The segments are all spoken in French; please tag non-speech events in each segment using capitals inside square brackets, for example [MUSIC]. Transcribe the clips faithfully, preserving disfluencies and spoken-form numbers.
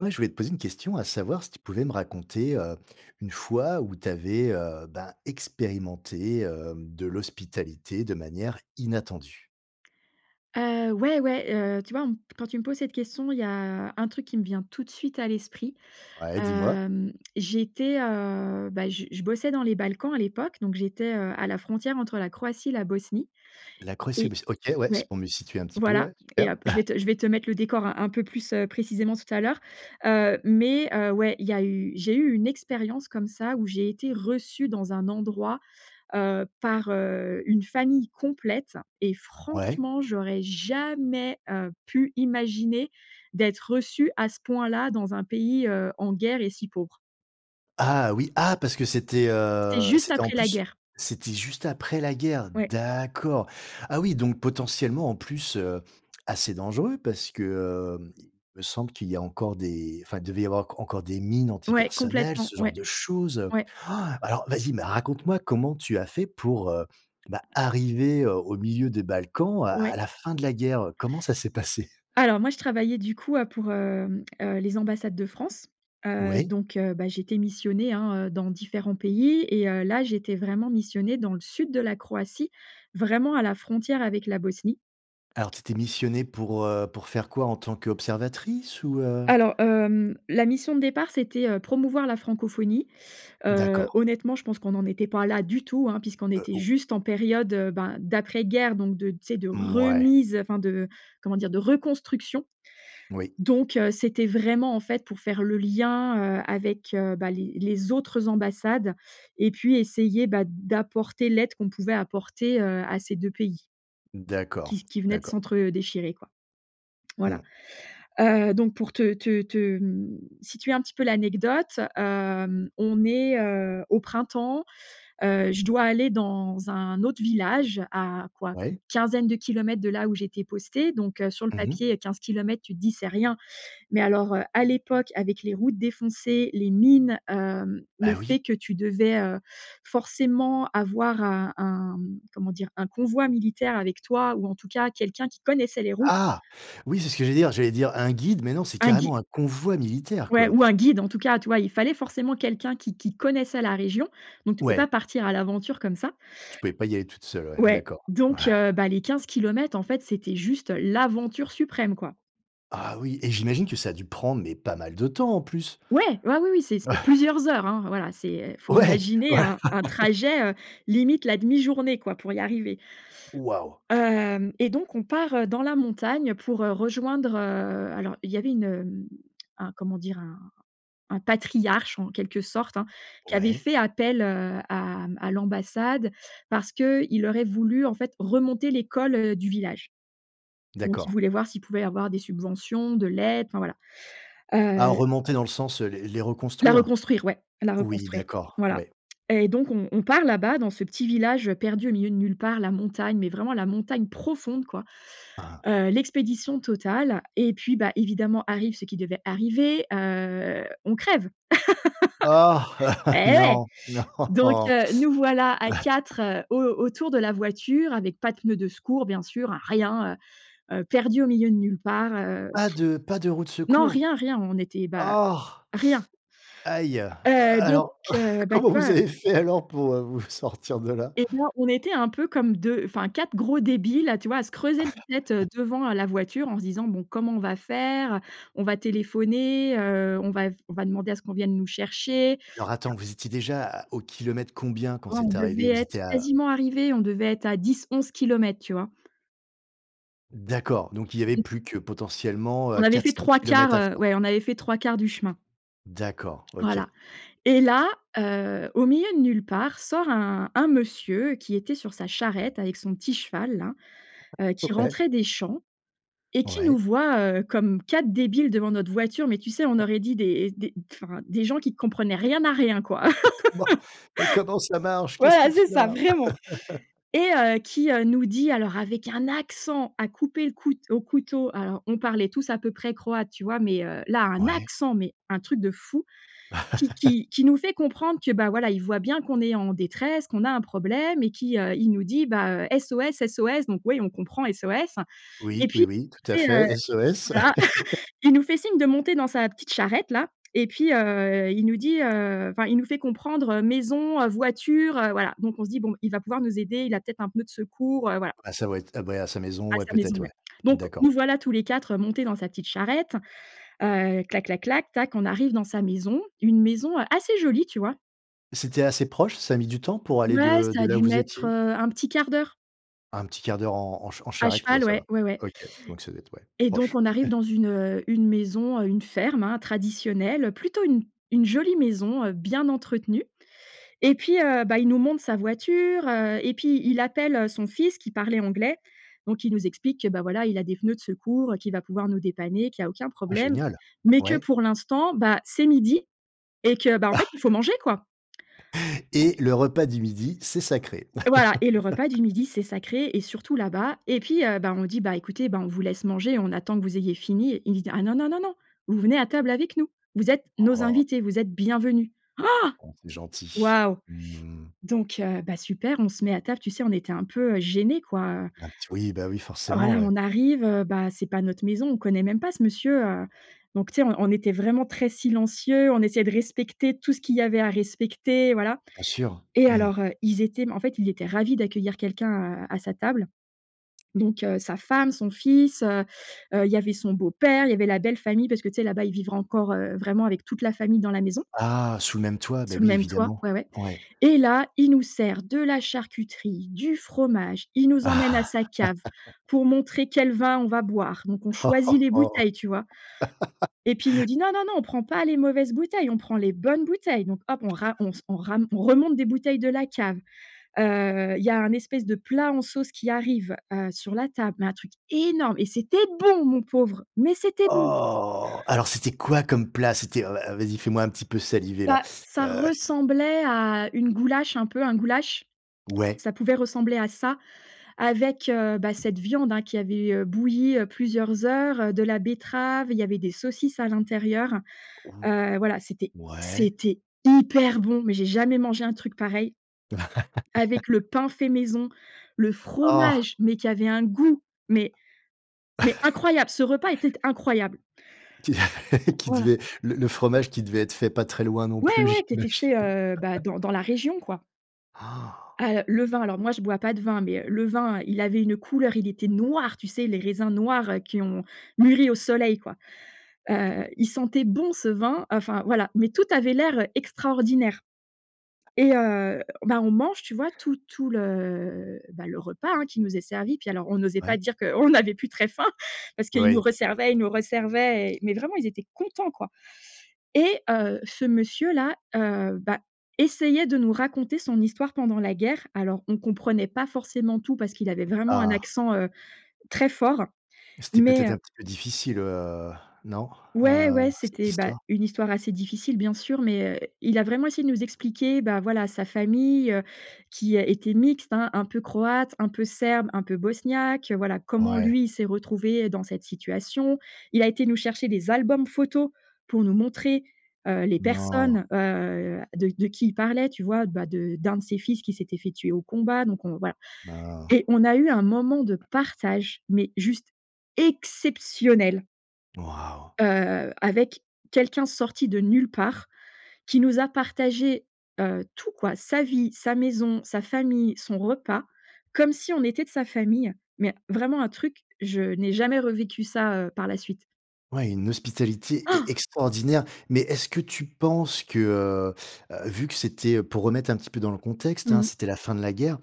Ouais, je voulais te poser une question à savoir si tu pouvais me raconter, heu, une fois où tu avais, heu, ben expérimenté, hem, de l'hospitalité de manière inattendue? Heu, ouais, ouais. Heu, tu vois, on me p quand tu me poses cette question, il y a un truc qui me vient tout de suite à l'esprit. Ouais, dis-moi. Hem, j'étais, heu, bah, je je bossais dans les Balkans à l'époque donc j'étais, heu, à la frontière entre la Croatie, la Bosnie. La Croatie, Et bah, c'est OK, ouais, c'est ouais, pour me situer un petit peu, voilà, ouais, et super. hop, je vais [CHUCKLES] te je vais te mettre le décor un un peu plus, heu, précisément tout à l'heure. Heu, mais heu, ouais, il y a eu j'ai eu une expérience comme ça où j'ai été reçue dans un endroit, heu, par, heu, une famille complète et Ouais. franchement j'aurais jamais, heu, pu imaginer d'être reçue à ce point-là, dans un pays, heu, en guerre et si pauvre. Ah oui! Ah! parce que c'était, C'était heu, juste c'était en après la plus, guerre! c'était juste après la guerre. Ouais. D'accord, ah oui, donc potentiellement en plus, heu, assez dangereux parce que, hem, il me semble qu'il y a encore des enfin, devait y avoir enc encore des mines Ouais, antipersonnel, complètement, ce genre ouais. de choses, heu. Ouais. Ah, alors, vas-y, mais raconte-moi! comment tu as fait pour, heu, bah, arriver, heu, au milieu des Balkans, à à Ouais. la fin de la guerre, heu, comment ça s'est passé? Alors, moi je travaillais du coup, heu, pour, hem, heu, les ambassades de France. Heu, Ouais. donc, heu, bah j'étais missionnée, hein, heu, dans différents pays et heu, là, j'étais vraiment missionnée dans le sud de la Croatie, vraiment à la frontière avec la Bosnie. Alors tu étais missionnée, pour, heu, pour faire quoi? En tant qu'observatrice ou, heu? Alors, hem, la mission de départ c'était, heu, promouvoir la francophonie. Heu, D'accord. honnêtement, je pense qu'on n'en était pas là du tout, hein, puisqu'on Heu, était o juste en période, heu, bah, d'après guerre donc de tu sais, de Mouais. remise, enfin de, comment dire, de reconstruction. Oui. Donc, heu, c'était vraiment, en fait, pour faire le lien, heu, avec, heu, bah, les les autres ambassades. Et puis essayer, bah, d'apporter l'aide qu'on pouvait apporter, heu, à ces deux pays D'accord, qui qui venaient de d'accord. s'entre, heu, déchirer, quoi. Voilà. Mmh. Heu, donc pour te te te, hem, situer un petit peu l'anecdote, hem, on est, heu, au printemps, heu, je dois aller dans un autre village, à quoi? Une Ouais. quinzaine de kilomètres de là où j'étais postée, donc heu, sur le Mmh mh. papier, quinze kilomètres, tu te dis: «C'est rien», mais alors, heu, à l'époque avec les routes défoncées, les mines, hem, le Ah oui? fait que tu devais, heu, forcément avoir un un comment dire, un convoi militaire avec toi ou en tout cas quelqu'un qui connaissait les routes. Ah! Oui, c'est ce que j'allais dire, j'allais dire un guide mais non c'est Un gui carrément un convoi militaire, ouais, quoi! ou un guide en tout cas. Tu vois, il fallait forcément quelqu'un qui qui connaissait la région, donc tu pouvais pas Ouais. partir à l'aventure comme ça Tu pouvais pas y aller toute seule, ouais, ouais. d'accord, ouais. Donc heu, bah les quinze kilomètres, en fait, c'était juste l'aventure suprême, quoi. Ah oui et j'imagine que ça a dû prendre, mais pas mal de temps, en plus? Ouais, ouais, oui, oui, c'est c'est [CHUCKLES] plusieurs heures, hein. Voilà c'est, heu, faut Ouais! imaginer Voilà! un un [LAUGHS] trajet, heu, limite la demi journée quoi, pour y arriver Waouh! hem et donc on part, heu, dans la montagne pour, heu, rejoindre, heu, alors, il y avait une, hem, un, comment dire un un patriarche en quelque sorte, hein, qui avait Ouais. fait appel, heu, à mmh, à l'ambassade parce qu'il aurait voulu, en fait, remonter l'école, heu, du village. Donc il D'accord. voulait voir s'il pouvait avoir des subventions, de l'aide, enfin, voilà. Ah, Heu remonter dans le sens, heu, les les La reconstruire? reconstruire, ouais, la Oui, reconstruire, d'accord, voilà. ouais. Et donc on on part là-bas, dans ce petit village, heu, perdu au milieu de nulle part. La montagne, mais vraiment la montagne profonde, quoi. Ah. Heu, l'expédition totale et puis, bah, évidemment arrive ce qui devait arriver, heu, on crève. [LAUGHS] Ah! Et [LAUGHS] ouais! Non. Donc Non. heu, nous voilà à [CHUCKLES] quatre, heu, au autour de la voiture, avec pas de pneu de secours, bien sûr, hein, rien, heu, heu, perdus au milieu de nulle part, heu, Pas de pas de roue de [BLOWS AIR] non, secours? rien, rien on était, bah, Oh! rien. Aïe! Heu, donc, Alors, heu, bah, comment tu vous vois avez fait alors pour heu, vous f sortir de là? Et bien, on était un peu comme deux, enfin quatre gros débiles, là, tu vois, à se creuser la tête, heu, [CHUCKLES] devant heu, la voiture en se disant: «Bon, comment on va faire? Heu, on va téléphoner? Heu, on va on va demander à ce qu'on vienne nous chercher?» Alors, attends, Enfin vous étiez déjà à au kilomètre combien, quand Oh, on c'est devait arrivé? Vous être étiez à quasiment arrivés. On devait être à dix-onze kilomètres, tu vois? D'accord, donc il y avait [UNINTELLIGIBLE] plus que, potentiellement, On heu, avait fait quatre-cinq trois kilomètres quarts, à heu, faire. ouais on avait fait trois quarts du chemin D'accord, voilà OK. et là, heu, au milieu de nulle part, sort un un monsieur qui était sur sa charrette, avec son petit cheval-là, heu, qui OK. rentrait des champs et qui nous Ouais. voit, heu, comme quatre débiles devant notre voiture. Mais tu sais, on [CHUCKLES] aurait dit des des enfin des gens qui comprenaient rien à rien, quoi! Mais comment? [LAUGHS] Mais comment ça marche? Qu'est-ce qu'on Voilà, fait c'est ça, là? vraiment, [LAUGHS] et heu, qui, heu, nous dit alors avec un accent à couper le coute au couteau, alors on parlait tous à peu près croate, tu vois? Mais heu, là, un Ouais. accent mais un truc de fou, qui [CHUCKLES] qui qui nous fait comprendre que, ben, voilà, il voit bien qu'on est en détresse, qu'on a un problème et qui, heu, il nous dit, bah, heu: «SOS, SOS!» donc, ouais, on comprend «SOS» et Oui, puis, oui, oui, tout à tu sais, heu fait. SOS. voilà! [CHUCKLES] [LAUGHS] Il nous fait signe de monter dans sa petite charrette-là et puis heu, il nous dit, heu enfin il nous fait comprendre: «maison», heu «voiture» heu, voilà, donc on se dit: «Bon, il va pouvoir nous aider, il a peut-être un peu de secours», voilà, voilà À sa voit à ouais, à sa maison. À Ouais, sa maison, peut-être, ouais. ouais. Donc D'accord. nous voilà, tous les quatre, heu, montés dans sa petite charrette, heu, clac, clac, clac, tac. On arrive dans sa maison, une maison assez jolie, tu vois? C'était assez proche? Ça a mis du temps pour aller Ouais, de ça de a là où dû vous mettre, étiez? heu, un petit quart d'heure. un petit quart d'heure en en ch en À charrette, ouais, cheval, ça ouais, va. ouais, ouais OK. Donc, ça doit être ouais. et Proche. donc on arrive [CHUCKLES] dans une, heu, une maison, heu, une ferme, hein, traditionnelle, plutôt une une jolie maison, heu, bien entretenue et puis heu, bah, il nous montre sa voiture, heu et puis il appelle, heu, son fils qui parlait anglais. Donc il nous explique que, bah, voilà, il a des pneus de secours, heu, qu'il va pouvoir nous dépanner, qu'il y a aucun Ah problème, génial! mais que, Ouais. pour l'instant, bah, c'est midi et que bah, en fait, il faut [CHUCKLES] manger, quoi. Et le repas du midi, c'est sacré. Voilà et le repas du [LAUGHS] midi, c'est sacré et surtout là-bas et puis heu, ben, on dit: «Bah, écoutez, bah, on vous laisse manger. On attend que vous ayez fini», il nous dit: «Ah non, non, non, non! Vous venez à table avec nous. Vous êtes nos Oh! invités, vous êtes bienvenus», Oh! Oh, c'est gentil. Waouh! Mmh. Donc heu, bah, super, on se met à table, tu sais, on était un peu, heu, gênés, quoi, heu Un petit oui, bah oui, forcément, voilà. ouais. On arrive, heu, bah, c'est pas notre maison. On le connaît même pas, ce monsieur, heu, donc tu sais, on on était vraiment très silencieux. On essayait de respecter tout ce qu'il y avait à respecter. Voilà Bien sûr! et Mmh. alors, heu, ils étaient mais en fait, ils étaient ravis d'accueillir quelqu'un à à sa table. Donc heu, sa femme, son fils, heu heu, il y avait son beau père, il y avait la belle-famille parce que tu sais, là-bas, ils vivre encore heu, vraiment, avec toute la famille dans la maison Ah! Sous le même toit! Bah, sous le oui, même toit, évidemment. ouais, ouais. Ouais. Et là, il nous sert de la charcuterie, du fromage. Il nous emmène à sa [CHUCKLES] cave [LAUGHS] pour montrer quel vin on va boire, donc on choisit les bouteilles, tu vois? [LAUGHS] Et puis il nous dit: [LAUGHS] «Non, non, non, on prend pas les mauvaises bouteilles, on prend les bonnes bouteilles». Donc hop, on ra [CHUCKLES] on s on ra on remonte des bouteilles de la cave, heu. Il y a un espèce de plat en sauce qui arrive, heu, sur la table, mais un truc énorme. Et c'était bon, mon pauvre, mais c'était bon! Oh! Alors, c'était quoi comme plat? C'était, heu, vas, heu, vas-y! Fais-moi un petit peu saliver là! Bah, [SUCKS TEETH] ça Heu. ressemblait à une goulache, un peu, un goulache. Ouais. Ça pouvait ressembler à ça, avec, heu, bah, cette viande, hein, qui avait, heu, bouillie heu, plusieurs heures, heu, de la betterave, il y avait des saucisses à l'intérieur. Ou Heu, voilà c'était ouais. c'était hyper bon mais j'ai jamais mangé un truc pareil, avec le [LAUGHS] pain fait maison, le Oh! fromage, mais qui avait un goût mais mais [CHUCKLES] incroyable. Ce repas était incroyable! Qu qui Voilà. devait le le fromage qui devait être fait pas très loin, non Ouais, plus, ouais qui était j'imagine. fait, heu, bah, [LAUGHS] dans dans la région, quoi. Han! Ah heu, le vin- alors moi je bois pas de vin mais heu, le vin, il avait une couleur, il était noir, tu sais, les raisins noirs, heu, qui ont mûri au soleil, quoi. Oui. Heu, il sentait bon, ce vin, heu, enfin voilà mais tout avait l'air extraordinaire et heu, ben, on mange, tu vois, tout tout le, bah, le repas, hein, qui nous est servi. Puis alors, on n'osait pas Ouais. dire qu'on n'avait plus très faim parce qu'ils nous Oui. resservaient, ils nous resservaient et mais vraiment ils étaient contents, quoi et heu, ce monsieur-là, heu, bah, essayait de nous raconter son histoire pendant la guerre. Alors on comprenait pas forcément tout parce qu'il avait vraiment un Ah! accent, heu, très fort, C'était mais peut-être heu un petit peu difficile, heu, non, Ouais, heu, ouais, cette c'était, bah, histoire? une histoire assez difficile, bien sûr, mais heu, il a vraiment essayé de nous expliquer, bah, voilà, sa famille heu, qui, heu, était mixte, hein, un peu croate, un peu serbe, un peu bosniaque, heu voilà, comment Ouais. lui s'est retrouvé, heu, dans cette situation. Il a été nous chercher des albums photos pour nous montrer, heu, les Non. personnes, heu, de de qui il parlait. Tu vois? Bah de d'un de ses fils qui s'était fait tuer au combat. Donc on voilà. B oh! Et on a eu un moment de partage, mais juste exceptionnel Waouh! heu, avec quelqu'un sorti de nulle part, qui nous a partagé, heu, tout quoi, sa vie, sa maison, sa famille, son repas, comme si on était de sa famille, mais vraiment un truc, je n'ai jamais revécu ça, heu, par la suite. Ouais, une hospitalité e Han! extraordinaire. Mais est-ce que tu penses que, heu, heu, vu que c'était, heu, pour remettre un petit peu dans le contexte, Mmh hein, mh. c'était la fin de la guerre.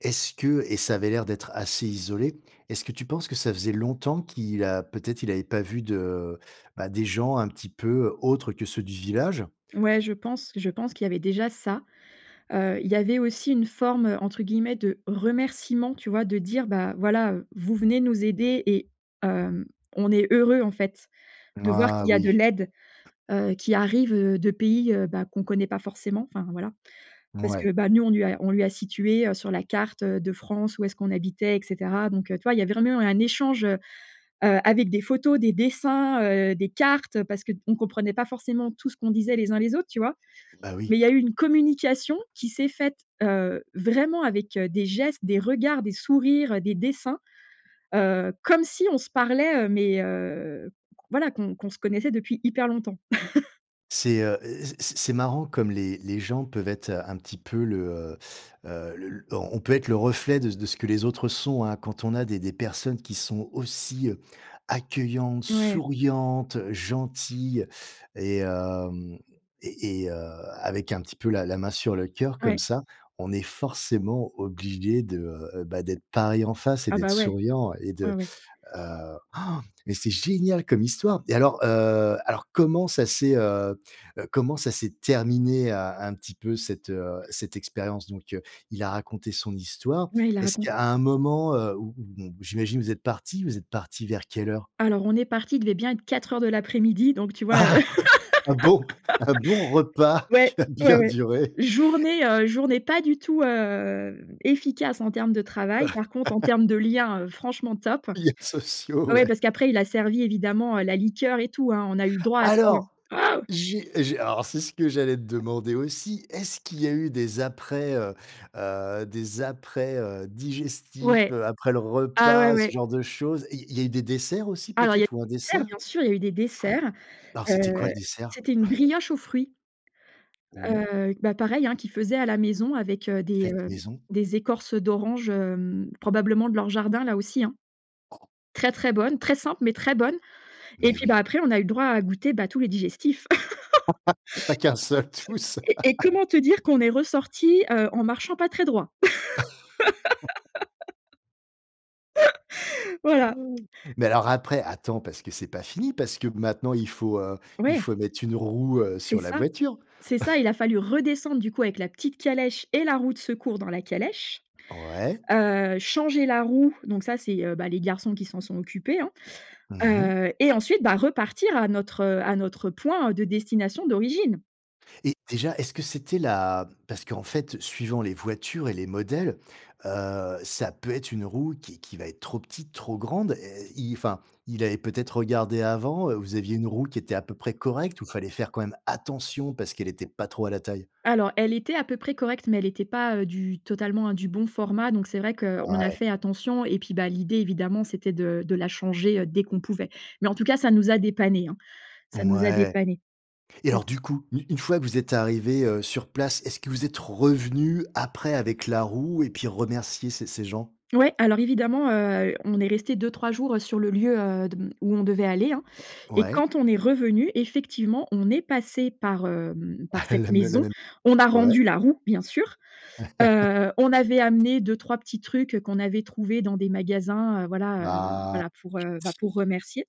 Est-ce que et ça avait l'air d'être assez isolé. Est-ce que tu penses que ça faisait longtemps qu'il a, peut-être, il avait pas vu de, bah, des gens, un petit peu, heu, autres que ceux du village? Ouais, je pense je pense qu'il y avait déjà ça. Heu, il y avait aussi une forme, heu, entre guillemets, de «remerciement,» tu vois, de dire: «Bah, voilà, heu, vous venez nous aider et hem, on est heureux, en fait, de voir Ah qu'il y a de oui. l'aide, heu, qui arrive, heu, de pays, heu, bah, qu'on connaît pas forcément, enfin, voilà». Parce que, Ouais. bah, nous on lui a on lui a situé, heu, sur la carte, heu, de France où est-ce qu'on habitait et cetera. Donc heu, tu vois, il y a vraiment eu un échange, heu, heu, avec des photos, des dessins, heu, des cartes, heu, parce qu'on comprenait pas forcement tout ce qu'on disait, les uns les autres, tu vois? Bah Mais il oui. y a eu une communication, qui s'est faite, heu, vraiment, avec, heu, des gestes, des regards, des sourires, heu, des dessins, heu, comme si on se parlait, heu, mais heu, voilà qu'on qu'on se connaissait depuis hyper longtemps. [LAUGHS] C'est, heu heu, c'est c'est marrant comme les les gens peuvent être un petit peu le, heu heu, le l on on peut être le reflet de c de ce que les autres sont, hein. Quand on a des des personnes qui sont aussi, heu, accueillantes, Mouais. souriantes, gentilles et hem et et heu, avec un petit peu la la main sur le cœur comme Ouais. ça, on est forcément obligé de, heu heu, bah, d'être pareil en face et Ah, d'être bah, ouais. souriant et Ouais, de, ouais. heu han, mais c'est génial comme histoire! Et alors, heu, alors, comment ça s'est, heu heu, comment ça s'est terminé un un petit peu cette, heu, cette expérience? Donc, il a raconté son histoire. Ouais, il a Est-ce raconte qu'à un moment, heu, où où bon, j'imagine vous êtes parti, vous êtes parti vers quelle heure? Alors, on est parti, il devait bien être quatre heures de l'après-midi donc, tu vois, heu, Ah, oui, un bon un bon [LAUGHS] repas qui ouais, a ouais, bien ouais, duré. journée, heu, journée pas du tout, hem, efficace en termes de travail, par contre, en [LAUGHS] termes de lien, heu, franchement, top. Liens sociaux, Ouais, ouais. parce qu'après, il a servi, évidemment, heu, la liqueur et tout, hein, on a eu le droit à tout. Alors, Waouh! j'ai j'ai alors, c'est ce que j'allais te demander aussi, est-ce qu'il y a eu des après, heu heu, des après, heu, digestifs, Ouais, heu, après le ah, ouais, repas, ce ouais. genre de choses, il il y a eu des desserts aussi Alors, il y a peut-être, ou des un desserts, dessert? Han. bien sûr, il y a eu des desserts, Alors, c'était quoi heu, le dessert? c'était une brioche aux fruits, Mmh mh. heu, bah, pareil, hein, qu'il faisait à la maison avec, heu, des, Faite heu, maison? des écorces d'orange, hem, probablement de leur jardin là aussi, hein. Très, très bonne, très simple mais, très bonne et Mais puis, bah, oui. après, on a eu droit à goûter, bah, tous les digestifs. [LAUGHS] [LAUGHS] Pas qu'un seul, tous. Et et [LAUGHS] comment te dire qu'on est ressorti, heu, en marchant pas très droit? [LAUGHS] [LAUGHS] Voilà. Han, mais, alors, après, attends, parce que c'est pas fini, parce que, maintenant, il faut, heu, il Ouais. faut mettre une roue, heu, C'est sur la ça, voiture. c'est ça, il [CHUCKLES] a fallu redescendre, du coup, avec la petite calèche et la roue de secours dans la calèche, Ouais. heu, changer la roue, donc, ça, c'est, heu, bah, les garçons qui s'en sont occupés, hein, Mmh mh. heu et ensuite, bah, repartir à notre, heu, à notre point de destination d'origine! Et déjà, est-ce que c'était la parce qu'en fait, suivant les voitures et les modèles, heu, ça peut être une roue qui qui va être trop petite, trop grande. Et et i enfin, il avait peut-être regardé avant? Heu, vous aviez une roue qui était à peu près correcte ou fallait faire quand même attention parce qu'elle était pas trop à la taille? Alors elle était à peu près correcte mais elle était pas, heu, du totalement, hein, du bon format, donc c'est vrai qu'on a Ouais. fait attention et puis, bah, l'idée évidemment c'était de de la changer, heu, dès qu'on pouvait. Mais en tout cas ça nous a dépannés, hein. Ça nous a Mouais. dépannés. Et Ça alors c'est sûr. du coup, u une fois que vous êtes arrivés, heu, sur place, est-ce que vous êtes revenus après avec la roue et puis remercier ces ces gens? Ouais, alors évidemment, heu, on est restés deux-trois jours, heu, sur le lieu, heu, de m où on devait aller, hein? Et Ouais. quand on est revenus effectivement on est passés par, hem, par cette [CHUCKLES] La me la maison. même On a Ouais. rendu la roue, bien sûr. [LAUGHS] Heu, on avait amené deux-trois petits trucs, heu, qu'on avait trouvés dans des magasins, heu, voilà, heu, Bah, voilà pour, heu, bah, pour c'est remercier.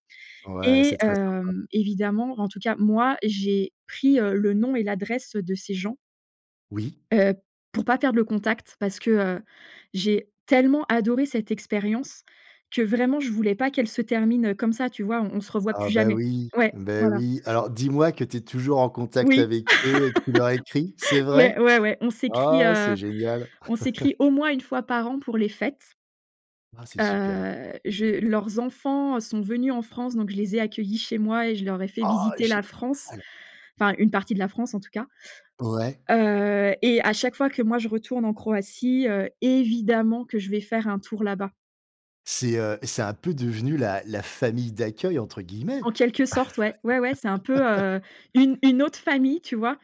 gentil. Ouais, Et c'est très sympa. hem, évidemment, en tout cas moi, j'ai pris, heu, le nom et l'adresse, heu, de ces gens Oui. heu, pour pas perdre le contact. Parce que, heu, j'ai tellement adoré cette expérience que vraiment, je voulais pas qu'elle se termine, heu, comme ça, tu vois? On on se revoit Ah, plus bah, jamais. oui. Ouais, Beh, voilà. oui. Alors dis-moi que tu es toujours en contact Oui. avec eux et que tu leur écris? C'est [LAUGHS] vrai? Ouais, ouais, ouais. On s'écrit, Ah heu, c'est génial. on [LAUGHS] s'écrit au moins une fois par an pour les fêtes. Ah! C'est super. Heu, je leurs enfants, heu, sont venus en France donc je les ai accueillis chez moi et je leur ai fait Oh, visiter la génial! France. Enfin une partie de la France en tout cas. Ouais. Heu, et à chaque fois que moi je retourne en Croatie, heu, évidemment que je vais faire un tour là bas. C'est, heu, c'est un peu devenu la la «famille d'accueil» entre guillemets? En quelque sorte, ouais. Ouais, ouais, c'est un peu, [LAUGHS] heu, une une autre famille, tu vois,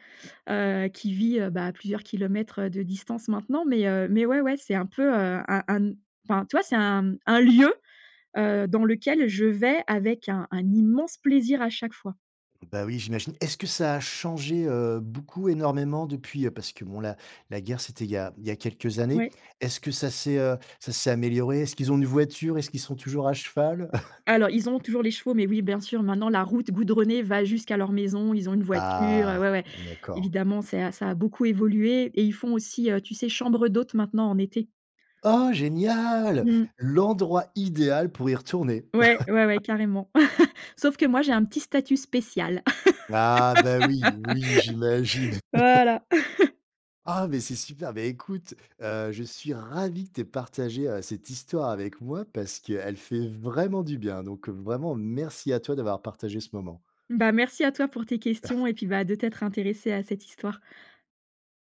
heu, qui vit, heu, bah, à plusieurs kilomètres de distance, maintenant. Mais, heu, mais, ouais, ouais, c'est un peu, heu, un un n enfin, tu vois, c'est un un lieu, heu, dans lequel je vais avec un un immense plaisir à chaque fois. Bah, oui, j'imagine. Est-ce que ça a changé, heu, beaucoup, énormément depuis? Parce que bon, la la guerre, c'était il y a il y a quelques années. Ouais. Est-ce que ça s'est, heu, ça s'est amélioré? Est-ce qu'ils ont une voiture? Est-ce qu'ils sont toujours à cheval? [CHUCKLES] Alors, ils ont toujours les chevaux, mais, oui, bien sûr, maintenant, la route goudronnée va jusqu'à leur maison. Ils ont une voiture, heu, Ah, ouais, ouais. d'accord. Évidemment, c'est à ça a beaucoup évolué et ils font aussi, heu, tu sais, chambre d'hôtes, maintenant, en été. Oh, génial! Mmh. L'endroit idéal pour y retourner! Ouais, ouais, ouais, carrément. [LAUGHS] [CHUCKLES] Sauf que moi, j'ai un petit statut spécial. Ah, bah, oui, oui, j'imagine! [LAUGHS] [LAUGHS] Voilà. [CHUCKLES] Ah, mais, c'est super! Beh, écoute, heu, je suis ravi que tu aies partagé, heu, cette histoire avec moi, parce qu'elle fait vraiment du bien. Donc, heu, vraiment, merci à toi d'avoir partagé ce moment. Bah, merci à toi pour tes [CHUCKLES] questions et puis, bah, de t'être intéressé à cette histoire.